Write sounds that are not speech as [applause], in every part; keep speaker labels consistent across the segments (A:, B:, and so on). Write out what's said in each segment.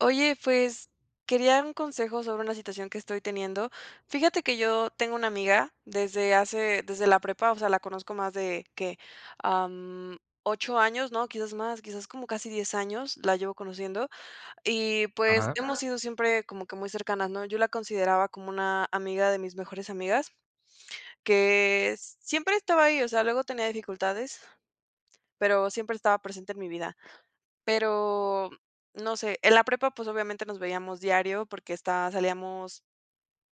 A: Oye, pues, quería un consejo sobre una situación que estoy teniendo. Fíjate que yo tengo una amiga desde hace desde la prepa, o sea, la conozco más de, ¿qué?, am, 8 años, ¿no? Quizás más, quizás como casi 10 años la llevo conociendo. Y, pues,
B: Ajá.
A: hemos sido siempre como que muy cercanas, ¿no? Yo la consideraba como una amiga de mis mejores amigas, que siempre estaba ahí, o sea, luego tenía dificultades, pero siempre estaba presente en mi vida. Pero, no sé, en la prepa, pues, obviamente nos veíamos diario porque esta salíamos,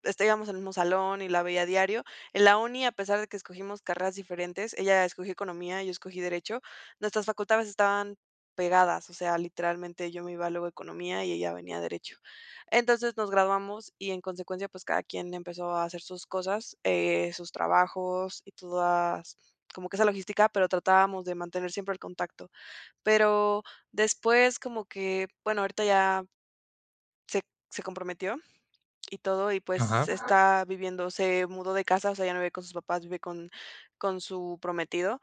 A: este, íbamos al mismo salón y la veía diario. En la uni, a pesar de que escogimos carreras diferentes, ella escogió economía y yo escogí derecho, nuestras facultades estaban pegadas, o sea, literalmente yo me iba luego a economía y ella venía a derecho. Entonces, nos graduamos y, en consecuencia, pues, cada quien empezó a hacer sus cosas, eh, sus trabajos y todas como que esa logística, pero tratábamos de mantener siempre el contacto. Pero después como que, bueno, ahorita ya se se comprometió y todo, y pues,
B: Ajá.
A: está viviendo se mudó de casa, o sea, ya no vive con sus papás, vive con con su prometido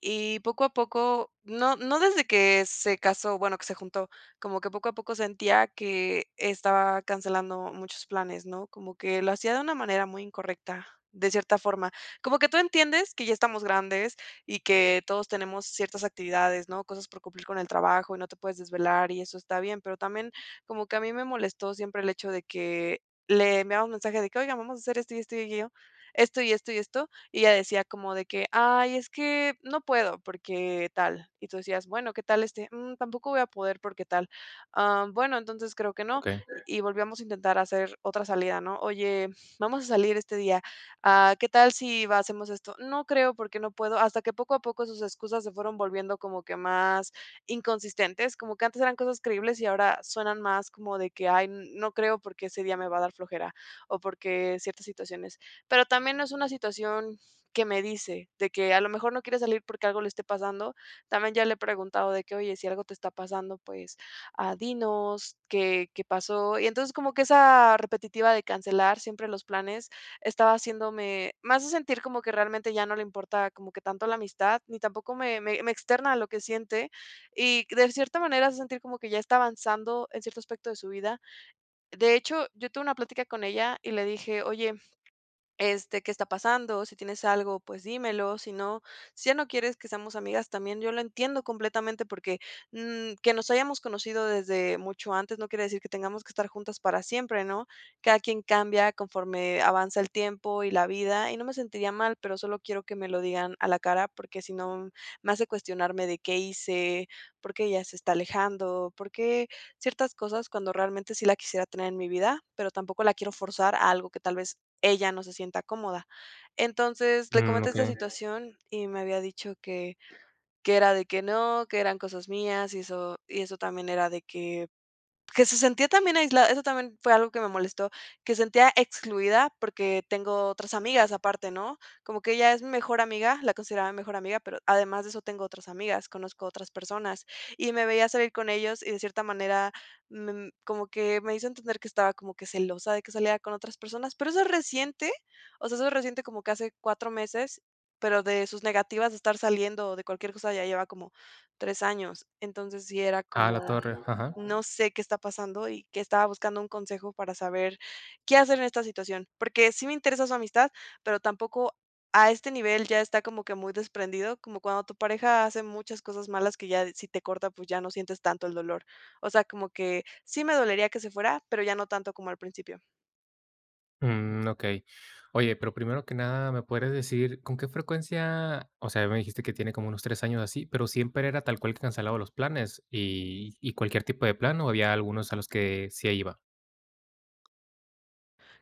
A: y, poco a poco no no desde que se casó, bueno, que se juntó, como que poco a poco sentía que estaba cancelando muchos planes, ¿no? Como que lo hacía de una manera muy incorrecta, de cierta forma. Como que tú entiendes que ya estamos grandes y que todos tenemos ciertas actividades, ¿no?, cosas por cumplir con el trabajo y no te puedes desvelar y eso está bien. Pero también como que a mí me molestó siempre el hecho de que le enviabamos mensaje de que: "Oigan, vamos a hacer esto, y esto y aquello, esto, y esto, y esto". Y ella decía como de que: "Ay, es que no puedo porque tal". Y tú decías: "Bueno, ¿qué tal este?". "Mm, tampoco voy a poder porque tal". "Am, bueno, entonces creo que no",
B: Okey.
A: y volviamos a intentar hacer otra salida, ¿no? "Oye, vamos a salir este día, ah, ¿qué tal si hacemos esto?". "No creo porque no puedo". Hasta que poco a poco sus excusas se fueron volviendo como que más inconsistentes, como que antes eran cosas creíbles y ahora suenan más como de que: "Ay, no creo porque ese día me va a dar flojera" o porque ciertas situaciones. Pero también no es una situación que me dice, de que a lo mejor no quiere salir porque algo le esté pasando. También ya le he preguntado de que: "Oye, si algo te está pasando, pues, ah, dinos qué qué pasó". Y entonces como que esa repetitiva de cancelar siempre los planes estaba haciéndome, más de sentir como que realmente ya no le importa como que tanto la amistad, ni tampoco me me me externa a lo que siente, y, de cierta manera, hace sentir como que ya está avanzando en cierto aspecto de su vida. De hecho, yo tuve una plática con ella y le dije: "Oye, este, ¿qué está pasando? Si tienes algo, pues, dímelo. Si no, si ya no quieres que seamos amigas, también, yo lo entiendo completamente porque, mm, que nos hayamos conocido desde mucho antes no quiere decir que tengamos que estar juntas para siempre", ¿no? Cada quien cambia conforme avanza el tiempo y la vida, y no me sentiría mal, pero solo quiero que me lo digan a la cara, porque si no, me hace cuestionarme de: "¿Qué hice? ¿Por qué ella se está alejando?". Por qué ciertas cosas, cuando realmente sí la quisiera tener en mi vida, pero tampoco la quiero forzar a algo que tal vez ella no se sienta cómoda. Entonces, le
B: Mm.
A: comenté esta
B: Okey.
A: situación y me había dicho que que era de que no, que eran cosas mías y eso y eso también era de que que se sentía también aislada. Eso también fue algo que me molestó, que se sentía excluida porque tengo otras amigas aparte, ¿no? Como que ella es mi mejor amiga la consideraba mi mejor amiga, pero además de eso tengo otras amigas, conozco otras personas. Y me veía salir con ellos y de cierta manera me como que me hizo entender que estaba como que celosa de que saliera con otras personas. Pero eso es reciente, o sea, eso es reciente, como que hace 4 meses, pero de sus negativas a estar saliendo o de cualquier cosa ya lleva como 3 años. Entonces sí era
B: A la
A: como:
B: torre. Ajá.
A: "No sé qué está pasando", y que estaba buscando un consejo para saber qué hacer en esta situación. Porque sí me interesa su amistad, pero tampoco a este nivel. Ya está como que muy desprendido, como cuando tu pareja hace muchas cosas malas que ya de, si te corta, pues, ya no sientes tanto el dolor. O sea, como que sí me dolería que se fuera, pero ya no tanto como al principio.
B: Mm. Okey. Oye, pero primero que nada, me podrías decir ¿con qué frecuencia? O sea, a mí me dijiste que tiene como unos 3 años así, ¿pero siempre era tal cual que cancelaba los planes y y cualquier tipo de plan, o había algunos a los que sí iba?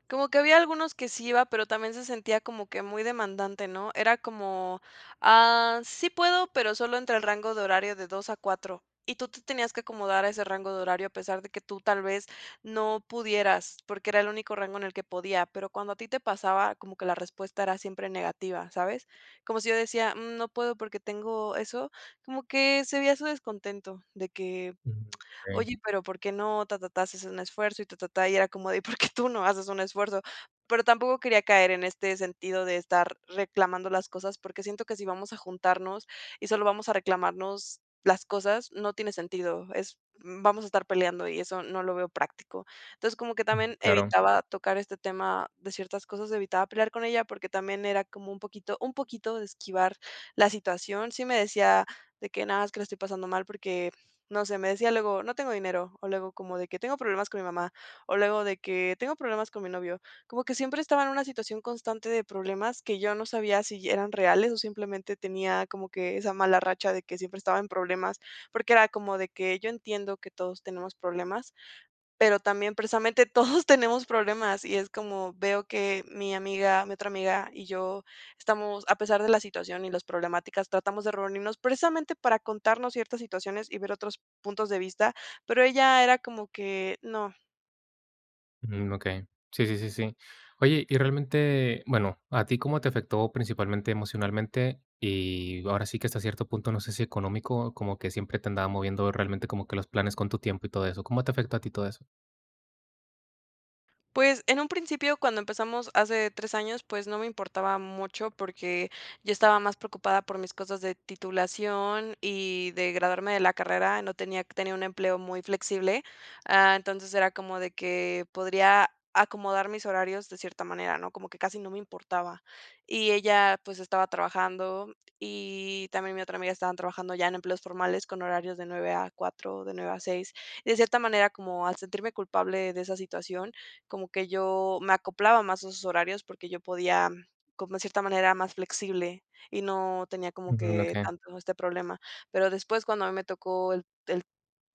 A: Como que había algunos que sí iba, pero también se sentía como que muy demandante, ¿no? Era como: "Ah, sí puedo, pero solo entre el rango de horario de 2 a 4". Y tú te tenías que acomodar a ese rango de horario a pesar de que tú tal vez no pudieras, porque era el único rango en el que podía, pero cuando a ti te pasaba, como que la respuesta era siempre negativa, ¿sabes? Como si yo decía: "Mm, no puedo porque tengo eso". Como que se veía su descontento de que:
B: Mm. Okey.
A: "Oye, y pero, ¿por qué no? Ta ta ta, si haces un esfuerzo y ta ta ta". Y era como de: "¿Y por qué tú no haces un esfuerzo?". Pero tampoco quería caer en este sentido de estar reclamando las cosas, porque siento que si vamos a juntarnos y solo vamos a reclamarnos las cosas, no tiene sentido. Es vamos a estar peleando y eso no lo veo práctico. Entonces, como que
B: Mm.
A: también
B: Claro.
A: evitaba tocar este tema de ciertas cosas, evitaba pelear con ella porque también era como un poquito un poquito de esquivar la situación. Sí me decía de que: "No, es que la estoy pasando mal porque", no sé, me decía luego: "No tengo dinero", o luego como de que: "Tengo problemas con mi mamá", o luego de que: "Tengo problemas con mi novio". Como que siempre estaba en una situación constante de problemas, que yo no sabía si eran reales o simplemente tenía como que esa mala racha de que siempre estaba en problemas. Porque era como de que, yo entiendo que todos tenemos problemas, pero también precisamente todos tenemos problemas. Y es como veo que mi amiga, mi otra amiga y yo estamos, a pesar de la situación y las problemáticas, tratamos de reunirnos precisamente para contarnos ciertas situaciones y ver otros puntos de vista, pero ella era como que no.
B: Mm, okey, sí, sí, sí, sí. Oye, y realmente, bueno, ¿a ti cómo te afectó principalmente emocionalmente? Y ahora sí que hasta cierto punto, no sé si económico, como que siempre te andaba moviendo realmente como que los planes con tu tiempo y todo eso. ¿Cómo te afectó a ti todo eso?
A: Pues, en un principio, cuando empezamos hace 3 años, pues no me importaba mucho, porque yo estaba más preocupada por mis cosas de titulación y de graduarme de la carrera. No tenía tenía un empleo muy flexible, ah, entonces, era como de que, podría acomodar mis horarios de cierta manera, ¿no?, como que casi no me importaba. Y ella, pues, estaba trabajando y también mi otra amiga estaban trabajando ya en empleos formales con horarios de 9:00-4:00, de 9:00-6:00. Y de cierta manera, como al sentirme culpable de esa situación, como que yo me acoplaba más a sus horarios porque yo podía, como en cierta manera más flexible y no tenía como
B: Mm.
A: que
B: Okey.
A: tanto este problema. Pero después cuando a mí me tocó el el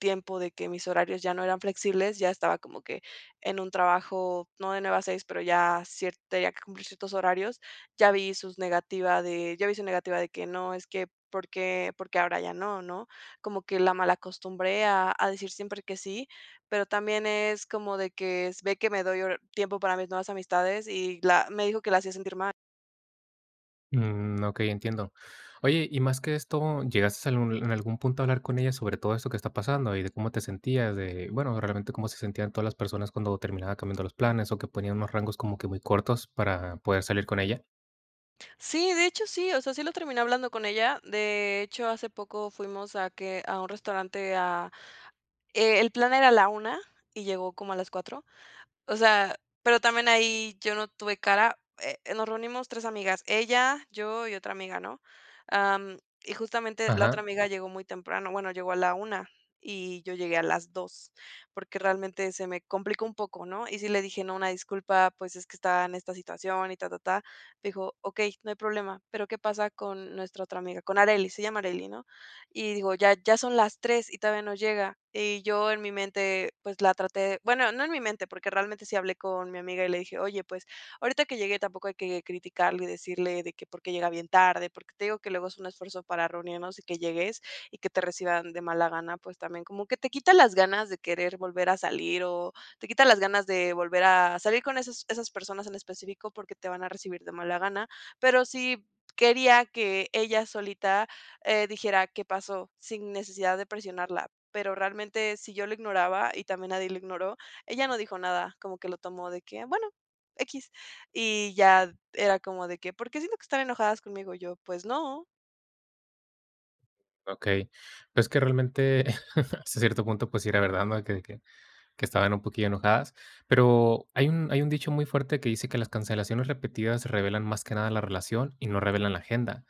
A: tiempo de que mis horarios ya no eran flexibles, ya estaba como que en un trabajo, no de 9:00-6:00, pero ya cier tenía que cumplir ciertos horarios, ya vi sus negativa de ya vi su negativa de que no, es que, por qué por qué ahora ya no, ¿no? Como que la malacostumbré a a decir siempre que sí, pero también es como de que, si ve que me doy hor tiempo para mis nuevas amistades y la me dijo que la hacía sentir mal.
B: Mm. Okey, entiendo. Oye, y más que esto, ¿llegaste a algun en algún punto a hablar con ella sobre todo esto que está pasando y de cómo te sentías? De, bueno, realmente, cómo se sentían todas las personas cuando terminaba cambiando los planes, o que ponían unos rangos como que muy cortos para poder salir con ella.
A: Sí, de hecho, sí, o sea, sí lo terminé hablando con ella. De hecho, hace poco fuimos a que a un restaurante a e el plan era a la 1:00 y llegó como a las 4:00. O sea, pero también ahí yo no tuve cara. Eh, nos reunimos 3 amigas, ella, yo y otra amiga, ¿no? Am, y justamente la
B: Ajá.
A: otra amiga llegó muy temprano. Bueno, llegó a la 1:00 y yo llegué a las 2:00, porque realmente se me complicó un poco, ¿no? Y sí le dije: "No, una disculpa, pues, es que estaba en esta situación", y ta ta-ta. Dijo: "Okey, no hay problema, pero, ¿qué pasa con nuestra otra amiga?", con Arely, se llama Arely, ¿no? Y digo: "Ya ya son las 3:00 y todavía no llega". Y yo en mi mente, pues, la traté bueno, no en mi mente, porque realmente sí hablé con mi amiga y le dije: "Oye, pues, ahorita que llegue tampoco hay que criticarle y decirle de que por qué llega bien tarde, porque te digo que luego es un esfuerzo para reunirnos y que llegues y que te reciban de mala gana, pues, también como que te quita las ganas de querer volver a salir, o te quita las ganas de volver a salir con esas esas personas en específico, porque te van a recibir de mala gana". Pero sí quería que ella solita, eh, dijera: "¿Qué pasó?", sin necesidad de presionarla. Pero realmente si yo lo ignoraba, y también nadie lo ignoró, ella no dijo nada, como que lo tomó de que: "Bueno, equis". Y ya era como de que: "¿Por qué siento que están enojadas conmigo?". Y yo: "Pues no".
B: Okey. Es que realmente, [chuckles] hasta cierto punto, pues, sí era verdad, ¿no?, de que de que que estaban un poquillo enojadas. Pero hay un hay un dicho muy fuerte que dice que las cancelaciones repetidas revelan más que nada la relación y no revelan la agenda.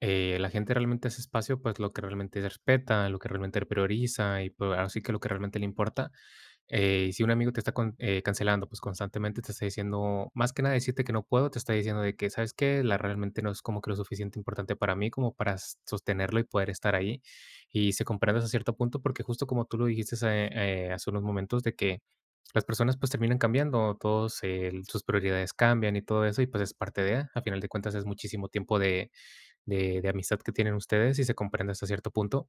B: Eh, la gente realmente hace espacio, pues, lo que realmente respeta, lo que realmente prioriza, y pues, ahora sí que lo que realmente le importa. Eh, y si un amigo te está con eh, cancelando, pues, constantemente te está diciendo más que nada decirte que no puedo, te está diciendo de que: "¿Sabes qué? La realmente no es como que lo suficiente importante para mí, como para sostenerlo y poder estar ahí". Y se comprende hasta cierto punto, porque justo como tú lo dijiste, eh eh, hace unos momentos, de que las personas, pues, terminan cambiando. Todos el sus prioridades cambian y todo eso, y pues, es parte de Al final de cuentas, es muchísimo tiempo de de de amistad que tienen ustedes, y se comprende hasta cierto punto.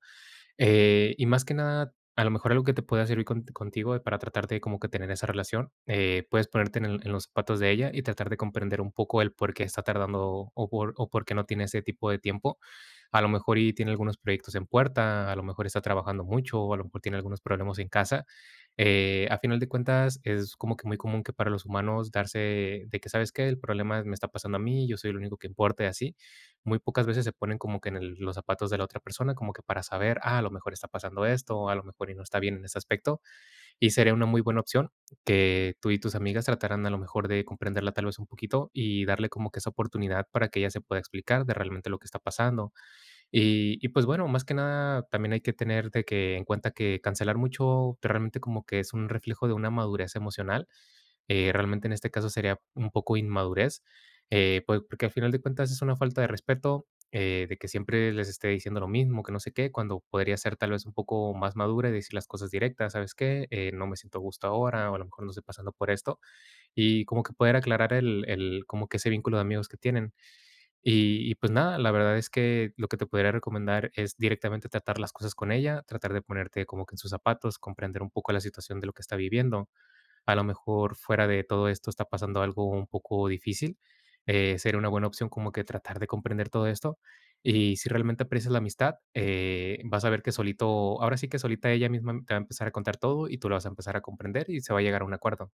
B: Eh, y más que nada, a lo mejor, algo que te pueda servir con contigo para tratar de como que tener esa relación, eh, puedes ponerte en el en los zapatos de ella y tratar de comprender un poco el porqué está tardando, o por o por qué no tiene ese tipo de tiempo. A lo mejor, y tiene algunos proyectos en puerta, a lo mejor está trabajando mucho, o a lo mejor tiene algunos problemas en casa. Eh, a final de cuentas, es como que muy común que para los humanos darse de que: "¿Sabes qué? El problema me está pasando a mí y yo soy el único que importa", y así. Muy pocas veces se ponen como que en el los zapatos de la otra persona, como que para saber: "Ah, a lo mejor está pasando esto o a lo mejor y no está bien en ese aspecto". Y sería una muy buena opción que tú y tus amigas trataran, a lo mejor, de comprenderla tal vez un poquito, y darle como que esa oportunidad para que ella se pueda explicar de realmente lo que está pasando. Y y pues bueno, más que nada también hay que tener de que en cuenta que cancelar mucho, realmente como que es un reflejo de una madurez emocional. Eh, realmente en este caso sería un poco inmadurez. Eh, po porque al final de cuentas es una falta de respeto, eh, de que siempre les esté diciendo lo mismo, que no sé qué, cuando podría ser tal vez un poco más madura y decir las cosas directas: "¿Sabes qué? Eh, no me siento a gusto ahora", o, a lo mejor ¿no?, "Estoy pasando por esto". Y como que poder aclarar el el como que ese vínculo de amigos que tienen. Y y pues nada, la verdad es que lo que te podría recomendar es directamente tratar las cosas con ella, tratar de ponerte como que en sus zapatos, comprender un poco la situación de lo que está viviendo. A lo mejor, fuera de todo esto, está pasando algo un poco difícil. Eh, sería una buena opción como que tratar de comprender todo esto, y si realmente aprecias la amistad, eh, vas a ver que solito ahora sí que solita ella misma te va a empezar a contar todo y tú lo vas a empezar a comprender y se va a llegar a un acuerdo.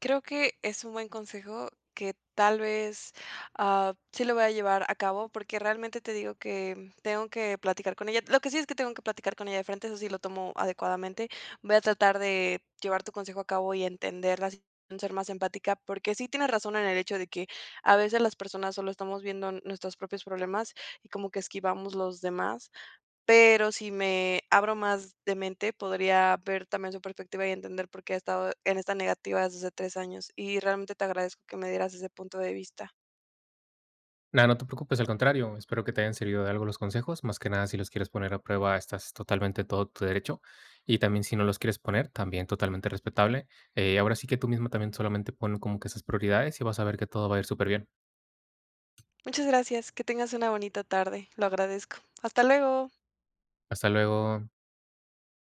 A: Creo que es un buen consejo que, tal vez, ah, sí lo voy a llevar a cabo, porque realmente te digo que tengo que platicar con ella. Lo que sí es que tengo que platicar con ella de frente, eso sí lo tomo adecuadamente. Voy a tratar de llevar tu consejo a cabo y entenderla, [unintelligible] ser más empática, porque sí, tienes razón en el hecho de que a veces las personas solo estamos viendo nuestros propios problemas y como que esquivamos los demás. Pero, si me abro más de mente, podría ver también su perspectiva y entender por qué ha estado en esta negativa desde hace 3 años. Y realmente te agradezco que me dieras ese punto de vista.
B: Nada, no te preocupes, al contrario, espero que te hayan servido de algo los consejos. Más que nada, si los quieres poner a prueba, estás totalmente en todo tu derecho, y también, si no los quieres poner, también totalmente respetable. Eh, ahora sí que tú misma también, solamente ponlo como que en sus prioridades y vas a ver que todo va a ir superbién.
A: Muchas gracias. Que tengas una bonita tarde, lo agradezco. Hasta luego.
B: Hasta luego.